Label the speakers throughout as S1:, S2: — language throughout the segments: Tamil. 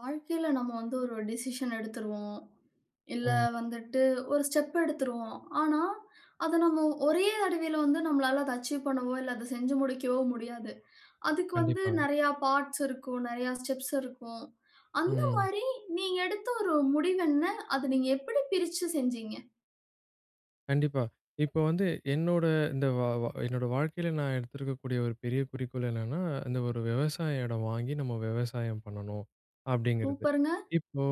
S1: வாழ்க்கையில நம்ம வந்து ஒரு டெசிஷன் எடுத்துருவோம், இல்ல
S2: ம்.
S1: வந்துட்டு ஒரு ஸ்டெப் எடுத்துருவோம். ஆனா, அதை நம்ம ஒரே தடவையில வந்து நம்மளால அதை அச்சீவ் பண்ணவோ, இல்ல அதை செஞ்சு முடிக்கவோ முடியாது. அதுக்கு வந்து
S2: கண்டிப்பா.
S1: நிறைய பார்ட்ஸ் இருக்கும், நிறைய ஸ்டெப்ஸ் இருக்கும். அந்த
S2: ம்.
S1: மாரி நீங்க எடுத்த ஒரு முடிவு என்ன? அத நீங்க எப்படி பிரிச்சு செஞ்சீங்க?
S2: கண்டிப்பா, இப்போ வந்து என்னோட இந்த வ வா என்னோட வாழ்க்கையில நான் எடுத்திருக்கக்கூடிய ஒரு பெரிய குறிக்கோள் என்னன்னா, இந்த ஒரு விவசாய இடம் வாங்கி நம்ம விவசாயம் பண்ணணும், அப்படிங்கிறது.
S1: சூப்பர்ங்க.
S2: இப்போ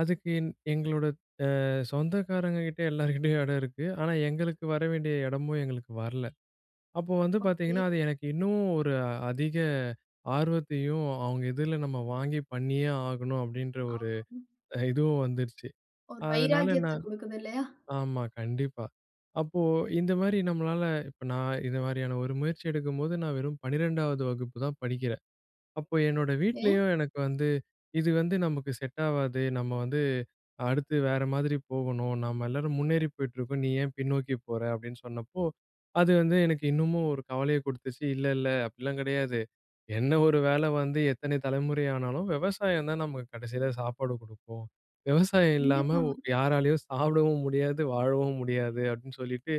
S2: அதுக்கு எ எங்களோட ஆ சொந்தக்காரங்க கிட்ட எல்லார்கிட்டயும் இடமிருக்கு, ஆனா எங்களுக்கு வர வேண்டிய இடமும் எங்களுக்கு வரல, அப்போ வந்து
S1: ஓகே.
S2: பார்த்தீங்கன்னா அது எனக்கு இன்னும் ஒரு அதிக ஆர்வத்தையும் அவங்க இதில நம்ம வாங்கி பண்ணியே ஆகணும். அப்படின்ற
S1: ஆ.
S2: ஒரு இதுவும் வந்துடுச்சு.
S1: ஒரு
S2: அதனால
S1: வைராக்கியத்த
S2: நான்
S1: குடுக்குது இல்லையா?
S2: ஆமா கண்டிப்பா, அப்போ இந்த மாரி நம்மளால இப்போ நான் இந்த மாரியான ஒரு முயற்சி எடுக்கும்போது நான் வெறும் 12ஆவது வகுப்பு தான் படிக்கிறேன். அப்போ என்னோட
S1: ஏ
S2: வீட்லயும் எனக்கு வந்து இது வந்து நமக்கு செட் ஆவாது, நம்ம வந்து அடுத்து வேற மாதிரி போகணும் நம்ம எல்லாரும் முன்னேறி போயிட்டுருக்கோம், நீ ஏன் பின்னோக்கி போற? அப்படின்னு சொன்னப்போ. அது வந்து எனக்கு இன்னமும் ஒரு கவலையை கொடுத்துச்சு, இல்ல இல்ல அப்படிலாம் கிடையாது, என்ன ஒரு வேலை வந்து எத்தன தலைமுறை ஆனாலும் விவசாயம் தான் நமக்கு கடைசியில சாப்பாடு குடுக்கும், விவசாயம் இல்லாம
S1: கண்டிப்பா.
S2: யாராலயும் சாப்பிடவும் முடியாது, வாழவும் முடியாது, அப்படின்னு சொல்லிட்டு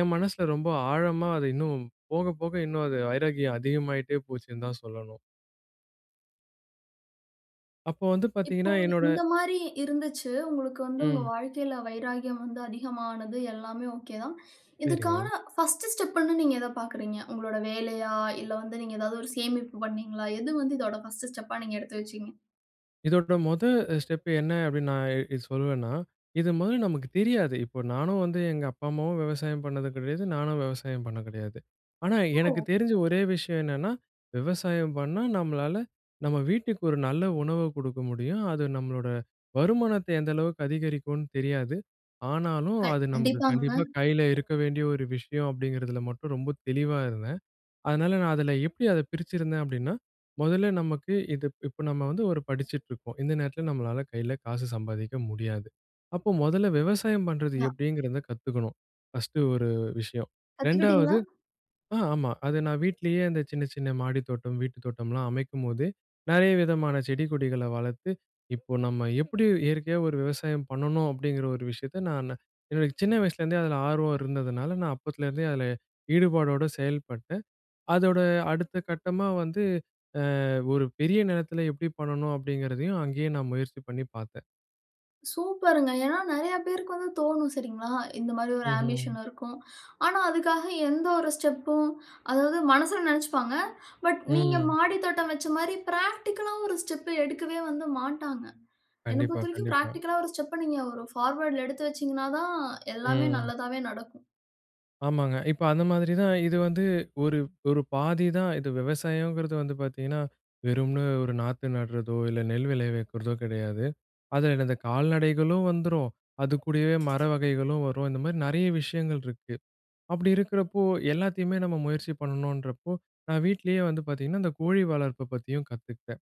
S2: என் மனசில ரொம்ப ஆழமா அது இன்னும் போக போக இன்னும் அது வைராக்கியம் அதிகமாயிட்டே போச்சுன்னு தான் சொல்லணும். அப்போ வந்து
S1: இப்போ,
S2: பார்த்தீங்கன்னா, என்னோட
S1: இந்த மாரி இருந்துச்சு. உங்களுக்கு வந்து உங்க
S2: ம்.
S1: வாழ்க்கையில வைராக்கியம் வந்து அதிகமானது எல்லாமே ஓகே தான். இதுக்கான
S2: சரிங்க.
S1: ஃபர்ஸ்ட் ஸ்டெப்புன்னு நீங்க எத பார்க்கிறீங்க? உங்களுடைய வேலையா? இல்ல வந்து நீங்க ஏதாவது ஒரு சேமிப்பு பண்ணீங்களா? எது வந்து இதோட ஃபர்ஸ்ட் ஸ்டெப்புன்னு நீங்க எடுத்து வச்சீங்க?
S2: இதோட மொத அ ஸ்டெப் என்ன அப்டின்னு நான் இ சொல்லுவேன்னா, இது முதல் நமக்கு தெரியாது. இப்போ நானும் வந்து எங்க அப்பா, அம்மாவும் விவசாயம் பண்ணது கெடையாது. நானும் விவசாயம் பண்ண கெடையாது. ஆனா, எனக்கு
S1: ஓ!
S2: தெரிஞ்ச ஒரே விஷயம் என்னன்னா, விவசாயம் பண்ணா நம்மளால நம்ம வீட்டுக்கு ஒரு நல்ல உணவு குடுக்க முடியும். அது நம்மளோட வருமானத்த எந்த அளவுக்கு அதிகரிக்கும்ன்னு தெரியாது. ஆனாலும், அது நமக்கு
S1: கண்டிப்பாங்க.
S2: கண்டிப்பா கையில இருக்க வேண்டிய ஒரு விஷயம். அப்டிங்கிறதுல மட்டும் ரொம்ப தெளிவா இருந்தேன். அதனால நான் அதில எப்படி அத பிரிச்சுருந்தேன் அப்படீன்னா? முதல்ல நமக்கு இது இப் இப்ப நம்ம வந்து ஒரு படிச்சுட்ருக்கோம். இந்த நேரத்தில நம்மளால கையில காசு சம்பாதிக்க முடியாது. அப்ப முதல்ல விவசாயம் பண்றது
S1: [unintelligible]
S2: எப்படீங்கிறத கத்துக்கணும், ஃபர்ஸ்ட்டு ஒரு விஷயம். 2வது,
S1: கத்துக்கிட்டீங்களா?
S2: ஆ ஆமா. அது நா வீட்டிலேயே அந்த சின்ன, சின்ன மாடி தோட்டம், வீட்டு தோட்டம்லாம் அமைக்கும்போது நெறைய விதமான செடி கொடிகள வளர்த்து, இப்போ நம்ம எப்டி இயற்கையா ஒரு விவசாயம் பண்ணணும்? அப்டீங்கிற ஒரு விஷயத்த நானு, என்னோட சின்ன வயசுலேருந்தே அதில ஆர்வம் இருந்ததுனால நான் அப்போத்துலேருந்தே அதில ஈடுபாடோட செயல்பட்டு, அதோட அடுத்த கட்டமா வந்து, அ ஒரு பெரிய நிலத்தில எப்படி பண்ணணும்? அப்டீங்கிறதையும் அங்கேயே நான் முயற்சி பண்ணி பார்த்தேன்.
S1: சூப்பருங்க, ஏனா நிறைய பேருக்கு வந்து தோனும் சரிங்களா? இந்த மாரி ஒரு ஆம்பிஷன்
S2: ம்ஹம்.
S1: இருக்கும். ஆனா, அதுக்காக எந்த ஒரு ஸ்டெப்பும் அதாவது மனசில நினைச்சுப்பாங்க, பட் நீங்க
S2: ம்.
S1: மாடி தோட்டம் வச்ச மாரி பிராக்டிகலா ஒரு ஸ்டெப்ப எடுக்கவே வந்து மாட்டாங்க. என்ன
S2: கண்டிப்பா,
S1: பொறுத்தவரைக்கும்
S2: கண்டிப்பா.
S1: பிராக்டிகலா ஒரு ஸ்டெப்ப நீங்க ஒரு ஃபார்வர்ட்டுல எடுத்து வச்சீங்கனா தான் எல்லாமே
S2: ம்.
S1: நல்லதாவே நடக்கும்.
S2: ஆமாங்க, இப்ப அந்த மாதிரி தான் இது வந்து, ஒரு ஒரு பாதிதான். இது விவசாயங்கிறது வந்து பார்த்தீங்கன்னா, வெறும்னு ஒரு நாத்து நடுறதோ, இல்ல நெல் விளை வைக்கிறதோ கெடையாது, அதில இந்த கால்நடைகளும் வந்துரும், அதுக்கூடவே மர வகைகளும் வரும் இந்த மாரி நிறைய விஷயங்கள் இருக்கு, அப்படி இருக்கிறப்போ எல்லாத்தையுமே நம்ம முயற்சி பண்ணணுன்றப்போ, நான் வீட்லயே வந்து பார்த்தீங்கன்னா, அந்த கோழி வளர்ப்பை பத்தியும் கத்துக்கிட்டேன்.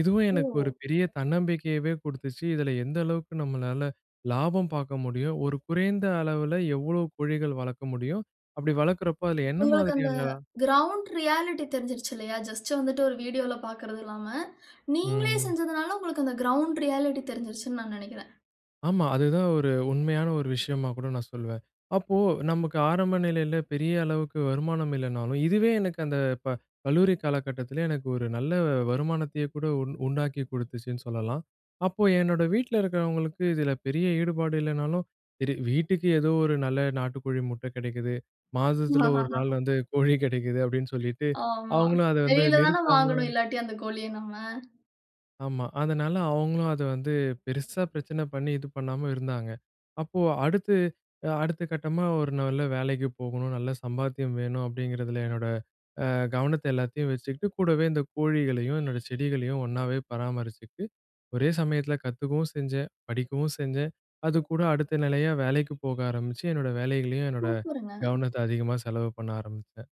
S2: இதுவும் எனக்கு ஒரு
S1: ஓ!
S2: பெரிய தன்னம்பிக்கையவே குடுத்துச்சு, இதில எந்த அளவுக்கு நம்மளால லாபம் பார்க்க முடியும். ஒரு குறைந்த அளவில எவ்வளோ கோழிகள் வளர்க்க முடியும், அப்படி வளர்க்கிறப்போ அதில என்ன
S1: உங்களுக்கு அந்த,
S2: மாதிரியான
S1: கிரவுண்ட் ரியாலிட்டி தெரிஞ்சுருச்சு இல்லையா? ஜஸ்ட் வந்துட்டு ஒரு வீடியோல பார்க்கறது இல்லாம, நீங்களே
S2: ம்.
S1: செஞ்சதுனால, உங்களுக்கு அந்த கிரவுண்ட் ரியாலிட்டி தெரிஞ்சுடுச்சுனு நான் நினைக்கிறேன்.
S2: ஆமா. அதுதான் ஒரு உண்மையான ஒரு விஷயமா கூட நான் சொல்வேன். அப்போ நமக்கு ஆரம்ப நிலையில பெரிய அளவுக்கு வருமானம் இல்லைனாலும், இதுவே எனக்கு அந்த ப கல்லூரி காலகட்டத்துலே எனக்கு ஒரு நல்ல வருமானத்தையே கூட உண் உண்டாக்கி குடுத்துச்சுன்னு சொல்லலாம். அப்போ என்னோட வீட்ல இருக்கிறவங்களுக்கும் இதில பெரிய ஈடுபாடு இல்லைனாலும், சரி வீட்டுக்கு ஏதோ ஒரு நல்ல நாட்டுக்கோழி முட்டை கெடைக்குது, மாசத்தில 1 நாள் வந்து கோழி கெடைக்குது. அப்படின்னு சொல்லிட்டு,
S1: ஆமா.
S2: அவங்களும் அத வந்து
S1: வெளில தானே
S2: நிறுத்தாம
S1: வாங்கனும், இல்லாட்டி அந்த கோழிய நம்ம.
S2: ஆமா. அதனால அவுங்களும் அதை வந்து பெருசா பிரச்சனை பண்ணி இது பண்ணாம இருந்தாங்க. அப்போ அடுத்து, அ அடுத்த கட்டமா ஒரு நல்ல வேலைக்கு போகணும், நல்ல சம்பாத்தியம் வேணும், அப்படிங்கிறதுல என்னோட அ கவனத்தை எல்லாத்தையும் வச்சுக்கிட்டு, கூடவே இந்த கோழிகளையும் என்னோட செடிகளையும் ஒன்னாவே பராமரிச்சிட்டு, ஒரே சமயத்துல கத்துக்கவும் செஞ்சேன், படிக்கவும் செஞ்சேன். அதுக்கூட அடுத்த நிலையா வேலைக்கு போக ஆரம்பிச்சு, என்னோட வேலைகளையும் என்னோட
S1: சூப்பருங்க.
S2: கவனத்த அதிகமா செலவு பண்ண ஆரம்பிச்சேன்.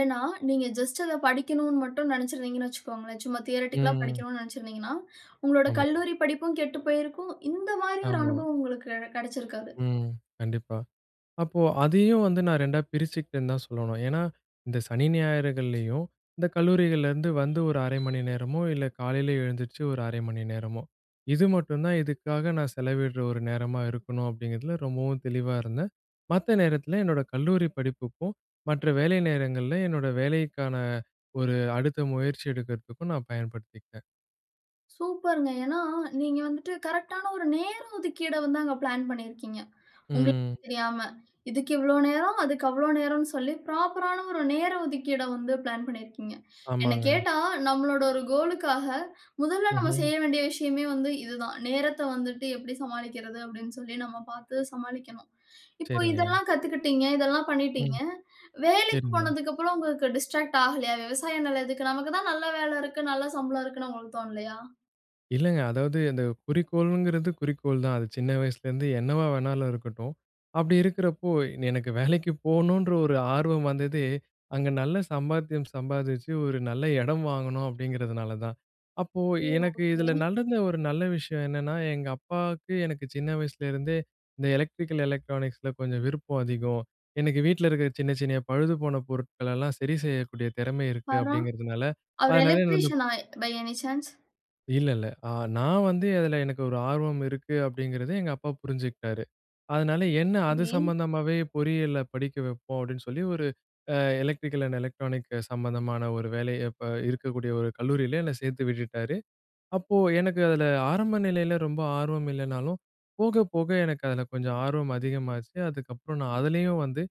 S1: ஏன்னா நீங்க ஜஸ்ட் அத படிக்கனும்ன்னு மட்டும் நெனைச்சிருந்தீங்கன்னு வச்சுக்கோங்களேன். சும்மா தியரட்டிக்கலா
S2: ம்.
S1: படிக்கனும்ன்னு நெனைச்சிருந்தீங்கன்னா, உங்களோட
S2: ஆமா.
S1: கல்லூரி படிப்பும் கெட்டு போயிருக்கும், இந்த மாரி ஒரு
S2: ஆமா.
S1: அனுபவம் உங்களுக்கு கெடைச்சிருக்காது.
S2: ம். கண்டிப்பா. அப்போ அதையும் வந்து நான் 2டா பிரிச்சுக்கிட்டேன்னு தான் சொல்லணும். ஏன்னா, இந்த சனி ஞாயிறுகள்லயும், இந்த கல்லூரிகள்லேருந்து வந்து ஒரு 1/2 மணி நேரமோ, இல்ல காலையில் எழுந்திரிச்சு ஒரு 1/2 மணி நேரமோ, இது மட்டும் தான் இதுக்காக நான் செலவிடுற ஒரு நேரமா இருக்கணும், அப்படிங்கிறதுல ரொம்பவும் தெளிவா இருந்தேன். மத்த நேரத்தில என்னோட கல்லூரி படிப்புக்கும் மற்ற வேலை நேரங்கள்ல என்னோட வேலைக்கான ஒரு அடுத்த முயற்சி எடுக்கிறதுக்கும் நான் பயன்படுத்திக்கிட்டேன்.
S1: சூப்பர்ங்க. ஏன்னா, நீங்க வந்துட்டு கரெக்ட்டான ஒரு நேர ஒதுக்கீடை வந்து அங்க பிளான் பண்ணியிருக்கீங்க. உங்களுக்கு
S2: ம்.
S1: தெரியாம, இதுக்கு இவ்வளோ நேரம், அதுக்கு அவ்வளோ நேரம்ன்னு சொல்லி ப்ராப்பரான ஒரு நேர ஒதுக்கீட வந்து பிளான் பண்ணியிருக்கீங்க. என்ன
S2: ஆமாங்க.
S1: கேட்டா, நம்மளோட ஒரு கோலுக்காக, முதல்ல நம்ம
S2: ம்ஹ்ம்.
S1: செய்ய வேண்டிய விஷயமே வந்து இது தான். "நேரத்த வந்துட்டு எப்படி சமாளிக்கிறது?" அப்படீன்னு சொல்லி நம்ம பார்த்து சமாளிக்கனும். இப்போ
S2: சரிங்க.
S1: இதெல்லாம் கத்துக்கிட்டீங்க, இதெல்லாம் பண்ணிட்டீங்க,
S2: ம்.
S1: வேலைக்கு
S2: சரிங்க.
S1: போனதுக்கப்புறம் உங்களுக்கு டிஸ்ட்ராக்ட் ஆகலையா? விவசாய நிலம் எதுக்கு? நமக்கு தான் நல்ல வேலை இருக்கு, நல்ல சம்பளம் இருக்குன்னு உங்களுக்கு தோனலையா?
S2: இல்லங்க. அதாவது அந்த குறிக்கோளுங்கிறது குறிக்கோள் தான். அது சின்ன வயசுலேருந்து என்னவா வேணாலும் இருக்கட்டும். அப்படி இருக்கிறப்போ, எனக்கு வேலைக்கு போணுன்ற ஒரு ஆர்வம் வந்ததே, அங்க நல்ல சம்பாத்தியம் சம்பாதிச்சு ஒரு நல்ல இடம் வாங்கணும் அப்படீங்கிறதுனால தான். அப்போ
S1: ஓ!
S2: எனக்கு
S1: ஒகே.
S2: இதுல நடந்த ஒரு நல்ல விஷயம் என்னன்னா, எங்க அப்பாவுக்கு, எனக்கு சின்ன வயசுலேருந்தே, இந்த எலக்ட்ரிக்கல் எலக்ட்ரானிக்ஸ்ல கொஞ்சம் விருப்பம் அதிகம். "எனக்கு வீட்ல இருக்கிற சின்ன சின்ன பழுதுபோன பொருட்களெல்லாம் சரி செய்யக்கூடிய திறமை இருக்கு."
S1: பார்றா!
S2: அப்படீங்கிறதுனால,
S1: அவர்
S2: அதனால என்ன வந்து
S1: எலக்ட்ரீசியனா, பை எனி சான்ஸ்?
S2: இல்ல இல்ல. அ நான் வந்து அதுல எனக்கு ஒரு ஆர்வம் இருக்கு அப்டிங்கிறத எங்கப்பா புரிஞ்சுக்கிட்டாரு. அதனால என்ன அது
S1: சரி.
S2: சம்பந்தமாவே பொறியியல்ல படிக்க வெப்போம் அப்டினு சொல்லி ஒரு அ எலக்ட்ரிக்கல் அண்ட் எலக்ட்ரானிக் சம்மந்தமான ஒரு வேலைய இப்ப இருக்கக்கூடிய ஒரு கல்லூரியில என்ன சேர்த்து விட்டுட்டாரு. அப்போ எனக்கு அதுல ஆரம்ப நிலையில ரொம்ப ஆர்வம் இல்லைனாலும், போக, போக எனக்கு அதில கொஞ்சம் ஆர்வம் அதிகமாச்சு. அதுக்கப்புறம் நான் அதுலேயும் வந்து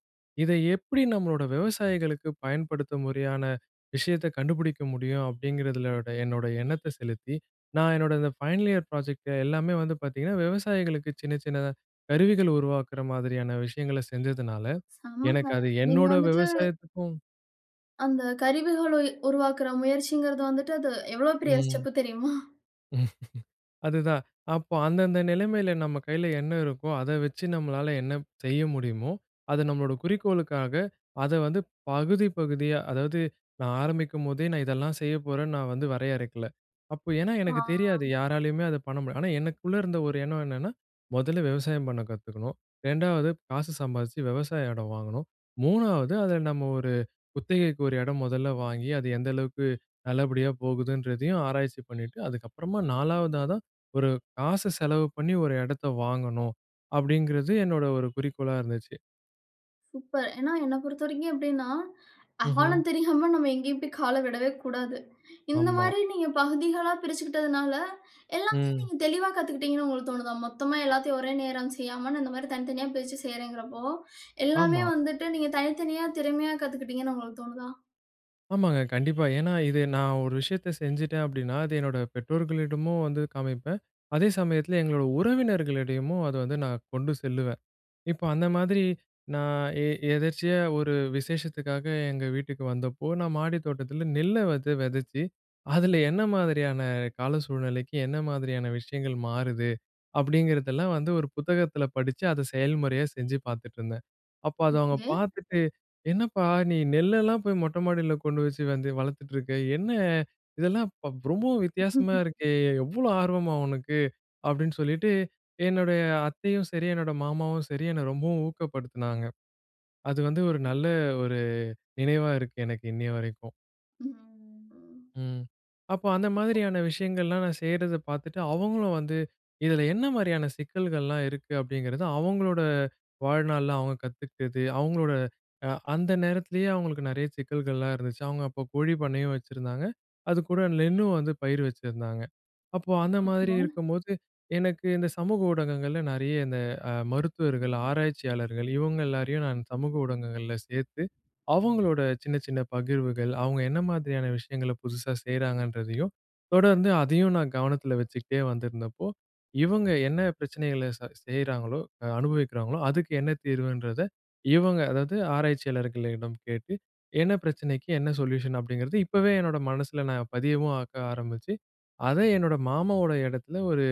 S2: இத, எப்டி நம்மளோட விவசாயிகளுக்கு பயன்படுத்தும் முறையான விஷயத்த கண்டுபிடிக்க முடியும்? அப்டிங்கறதுலோட என்னோட எண்ணத்த செலுத்தி நான் என்னோட இந்த ஃபைனல் இயர் ப்ராஜெக்ட் எல்லாமே வந்து பாத்தீங்கன்னா, விவசாயிகளுக்கு சின்ன, சின்ன கருவிகள உருவாக்குற மாதிரியான விஷயங்கள செஞ்சதுனால எனக்கு
S1: செமங்க!
S2: அது
S1: நீங்க
S2: என்னோட
S1: வந்துட்டு
S2: விவசாயத்துக்கும்,
S1: அந்த கருவிகளை உருவாக்குற முயற்சிங்கறது வந்துட்டு அது எவ்ளோ பெரிய
S2: ம்.
S1: ஸ்டெப் தெரியுமா?
S2: அதுதான் அப்போ அந்தந்த நிலமையில நம்ம கையில என்ன இருக்கோ, அத வெச்சு நம்மளால என்ன செய்ய முடியுமோ, அத நம்மளோட குறிக்கோளுக்காக அத வந்து பகுதி, பகுதியா அதாவது நான் ஆரம்பிக்கும்போதே, நான் இதெல்லாம் செய்ய போறேன்னு நான் வந்து வரையறைக்கல. அப்போ ஏனா
S1: ஆ.
S2: எனக்கு தெரியாது. யாராலயுமே அத பண்ண முடியாது. ஆனா, எனக்குள்ள இருந்த ஒரு எண்ணம் என்னன்னா முதல்ல விவசாயம் பண்ண கத்துக்கணும். 2 ஆவது காசு சம்பாதிச்சு விவசாய இடம் வாங்கணும். 3 ஆவது அதுல நம்ம ஒரு குத்தகைக்கு ஒரு எடம் முதல்ல வாங்கி அது எந்த அளவுக்கு நல்லபடியா போகுதுன்றதையும் ஆராய்ச்சி பண்ணிட்டு அதுக்கப்புறமா 4 வதா தான் ஒரு காச செலவு பண்ணி ஒரு எடத்த வாங்கணும். அப்படிங்கிறது என்னோட ஒரு குறிக்கோளா இருந்துச்சு.
S1: சூப்பர். ஏன்னா என்ன பொறுத்தவரைக்கும் எப்படீன்னா,
S2: ம்ஹ்ம்.
S1: "ஆழம் தெரியாம நம்ம எங்கேயும் போய் கால விடவே கூடாது. "இந்த
S2: ஆமா.
S1: மாரி நீங்க பகுதிகளா பிரிச்சுக்கிட்டதனால, எல்லாத்தையும்
S2: ம்.
S1: நீங்க தெளிவா கத்துக்கிட்டீங்கன்னு உங்களுக்கு தோணுதா? மொத்தமா எல்லாத்தையும் ஒரே நேரம் செய்யாம, "நான் இந்த மாரி தனித்தனியா பிரிச்சு செய்றேன்ங்கிறப்போ, எல்லாமே
S2: ஆமா.
S1: வந்துட்டு நீங்க தனித்தனியா திறமையா கத்துக்கிட்டீங்கன்னு" உங்களுக்கு தோணுதா?
S2: ஆமாங்க, கண்டிப்பா. ஏன்னா, இது நான் ஒரு விஷயத்த செஞ்சுட்டேன் அப்டீன்னா, அது என்னோட பெற்றோர்களிடமும் வந்து காமிப்பேன். அதே சமயத்தில எங்களோட உறவினர்களிடயமும் அதை வந்து நான் கொண்டு செல்லுவேன். இப்ப அந்த மாதிரி நான் எ எதர்ச்சியா ஒரு விசேஷத்துக்காக எங்க வீட்டுக்கு வந்தப்போ, "நான் மாடி தோட்டத்தில நெல்ல வந்து வெதைச்சு, அதில என்ன மாதிரியான கால சூழ்நிலைக்கு, என்ன மாதிரியான விஷயங்கள் மாறுது?" அப்படீங்கிறதெல்லாம் வந்து ஒரு புத்தகத்தில படிச்சு, அத செயல்முறையா செஞ்சு பார்த்துட்ருந்தேன். அப்ப அத அவங்க
S1: ஒகே.
S2: பார்த்துட்டு, "என்னப்பா நீ நெல்லெல்லாம் போய் மொட்டை மாடில கொண்டு வச்சு வந்து வளர்த்துட்ருக்க. என்ன இதெல்லாம் இப்ப ரொம்பவும் வித்தியாசமா இருக்கே. இவ்வளோ ஆர்வமா உனக்கு?" அப்படீன்னு சொல்லீட்டு என்னுடைய அத்தையும் சரி, என்னோட மாமாவும் சரி என்ன ரொம்பவும் ஊக்கப்படுத்தினாங்க. அது வந்து ஒரு நல்ல ஒரு நினைவா இருக்கு எனக்கு, இன்னைய வரைக்கும்.
S1: ம்ஹ்.
S2: ம். அப்போ அந்த மாரியான விஷயங்கள்லாம் நான் செய்றத பாத்துட்டு, அவுங்களும் வந்து, இதுல என்ன மாரியான சிக்கல்கள்லாம் இருக்கு? அப்படிங்கிறது, அவுங்களோட வாழ்நாள்ல அவுங்க கத்துக்கிட்டது. அவுங்களோட அ அந்த நேரத்திலயே அவுங்களுக்கு நெறையா சிக்கல்கள்லாம் இருந்துச்சு. அவுங்க அப்போ கோழி பண்ணையும் வச்சிருந்தாங்க, அதுக்கூட நெல்லும் வந்து பயிரு வச்சிருந்தாங்க. அப்போ அந்த மாரி
S1: ஓகே.
S2: இருக்கும்போது, எனக்கு இந்த சமூக ஊடகங்கள்ல நிறையா இந்த அ மருத்துவர்கள், ஆராய்ச்சியாளர்கள் இவுங்க எல்லாரையும் நான் சமூக ஊடகங்கள்ல சேத்து, அவுங்களோட சின்ன சின்ன பகிர்வுகள், அவுங்க என்ன மாதிரியான விஷயங்கள புதுசா செய்றாங்கன்றதையும் தொடர்ந்து அதையும் நான் கவனத்தில வச்சுக்கிட்டே வந்திருந்தப்போ, இவுங்க என்ன பிரச்சனைகள ச செய்றாங்களோ அனுபவிக்கிறாங்களோ, அதுக்கு என்ன தீர்வுன்றத இவுங்க அதாவது ஆராய்ச்சியாளர்களிடம் கேட்டு, "என்ன பிரச்சனைக்கு என்ன சொலியூஷன்?" அப்டிங்கறது இப்பவே என்னோட மனசுல நான் பதியவும் ஆக்க ஆரம்பிச்சு. அத என்னோட மாமாவோட எடத்துல ஒரு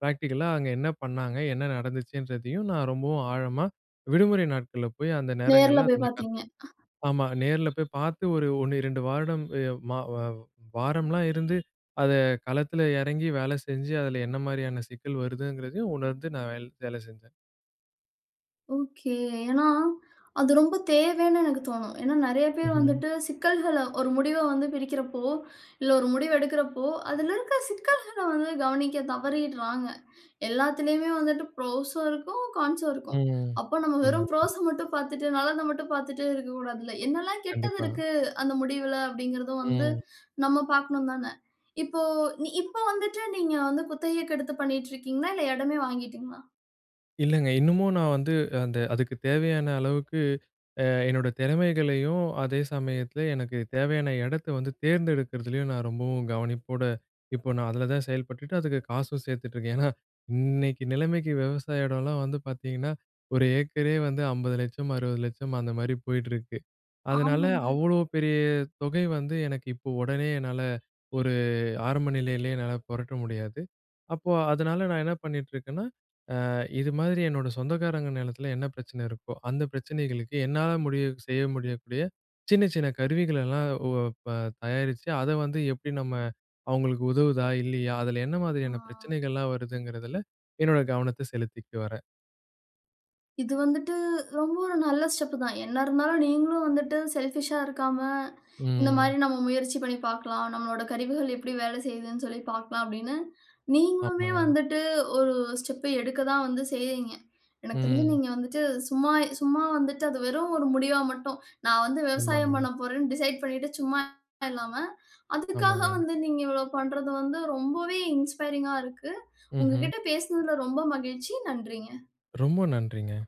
S2: பிராக்டிகலா, அங்க என்ன பண்ணாங்க, என்ன நடந்துச்சுன்றதையும் நான் ரொம்பவும் ஆழமா விடுமுறை நாட்கள்ல போயி, அந்த
S1: நேர்ல
S2: நேரங்கள்ல அத
S1: போய்
S2: நான்
S1: பாத்தீங்க.
S2: கத்து
S1: அஹ்.
S2: ஆமா, நேர்ல போய் பாத்து, ஒரு 1, 2 வருடம் எ வ வா வாரம்லாம் இருந்து, அத களத்துல இறங்கி வேலை செஞ்சு, அதுல என்ன மாரியான சிக்கல் வருதுங்கறதையும் உணர்ந்து நான் வேல் வேல செஞ்சேன்.
S1: ஒகே. ஏனா, அது ரொம்ப தேவைனு எனக்கு தோணும். ஏன்னா, நிறைய பேர்
S2: ம்ஹூம்.
S1: வந்துட்டு, சிக்கல்கள ஒரு முடிவை வந்து பிரிக்கிறப்போ, இல்ல, ஒரு முடிவு எடுக்கிறப்போ, அதில இருக்கிற சிக்கல்கள வந்து கவனிக்க தவறிடுறாங்க. எல்லாத்திலுயுமே வந்துட்டு புரோஸ்ஸும் இருக்கும், கான்ஸ்ஸும் இருக்கும்.
S2: ம்ஹ்.
S1: அப்போ நம்ம வெறும்
S2: ம்
S1: ப்ரோஸ மட்டும் பார்த்துட்டு நல்லதை மட்டும் பார்த்துட்டே இருக்கக்கூடாதுல. என்னெல்லாம் கெட்டது
S2: கண்டிப்பா.
S1: இருக்கு, அந்த முடிவில அப்படிங்கிறது வந்து
S2: ம்.
S1: நம்ம பார்க்கனும், தானே. இப்போ இப்போ வந்துட்டு, நீங்க வந்து குத்தகைக்கு எடுத்து பண்ணிட்டு இருக்கீங்களா? இல்ல, எடமே வாங்கிட்டீகளா?
S2: இல்லைங்க. இன்னமும் நான் வந்து, அந்த அதுக்குத் தேவையான அளவுக்கு, அ என்னோட திறமைகளையும், அதே சமயத்தில எனக்கு தேவையான எடத்தை வந்து தேர்ந்தெடுக்கிறதுலேயும் நான் ரொம்பவும் கவனிப்போட இப்போ நான் அதில தான் செயல்பட்டுட்டு, அதுக்கு காசும் சேர்த்துட்ருக்கேன். ஏன்னா, இன்னைக்கு நிலைமைக்கு, விவசாய இடம்லாம் வந்து பார்த்திங்கன்னா, 1 ஏக்கரே வந்து ரூ. 50 லட்சம் , ரூ. 60 லட்சம். அந்த மாரி போயிட்டுருக்கு. அதனால,
S1: ஆமாங்க.
S2: அவ்வளோ பெரிய தொகை வந்து எனக்கு, இப்போ, உடனே என்னால ஒரு ஆரம்ப நிலையிலேயே என்னால புரட்ட முடியாது. அப்போ, அதனால, நான் என்ன பண்ணிகிட்டு இருக்கேன்னா, ஆ இது மாதிரி, என்னோட சொந்தக்காரங்க நிலத்தில என்ன பிரச்சனை இருக்கோ, அந்த பிரச்சனைகளுக்கு, என்னால முடிய செய்ய முடியக்கூடிய, சின்ன சின்ன கருவிகளெல்லாம் உ அ ப தயாரிச்சுட்டு, அத வந்து எப்படி நம்ம அவங்களுக்கு உதவுதா? இல்லையா? அதில என்ன மாதிரியான
S1: ஆ.
S2: பிரச்சனைகள்லாம் வருதுங்கிறதில, என்னோட கவனத்தை செலுத்திட்டு வரேன்.
S1: இது வந்துட்டு, ரொம்ப ஒரு நல்ல ஸ்டெப் தான், என்ன இருந்தாலும் நீங்களும் வந்துட்டு செல்ஃபிஷா இருக்காம, இந்த
S2: ம்.
S1: மாரி, நம்ம முயற்சி பண்ணி பார்க்கலாம். நம்முடைய கருவிகள் எப்படி வேலை செய்துனு சொல்லி பார்க்கலாம் அப்படினு, நீங்களுமே
S2: ஆமாங்க.
S1: வந்துட்டு, ஒரு ஸ்டெப் எடுக்க தான் வந்து செய்யிறீங்க. எனக்கு தெரிஞ்சு,
S2: ம்.
S1: நீங்க வந்துட்டு சும்மா சும்மா வந்துட்டு, அது வெறும் ஒரு முடிவா மட்டும் நான் வந்து விவசாயம்
S2: ஆமாங்க.
S1: பண்ணப்போறேனு டிசைட் பண்ணிட்டு சும்மா இல்லாம, அதுக்காக
S2: ஆமாங்க.
S1: வந்து, நீங்க இவ்வளோ பண்ணுறது வந்து, ரொம்பவே இன்ஸ்பைரிஙா இருக்கு.
S2: ம்ஹ்ம்.
S1: உங்ககிட்ட பேசினதில ரொம்ப மகிழ்ச்சி. நன்றிங்க.
S2: ரொம்ப நன்றிங்க.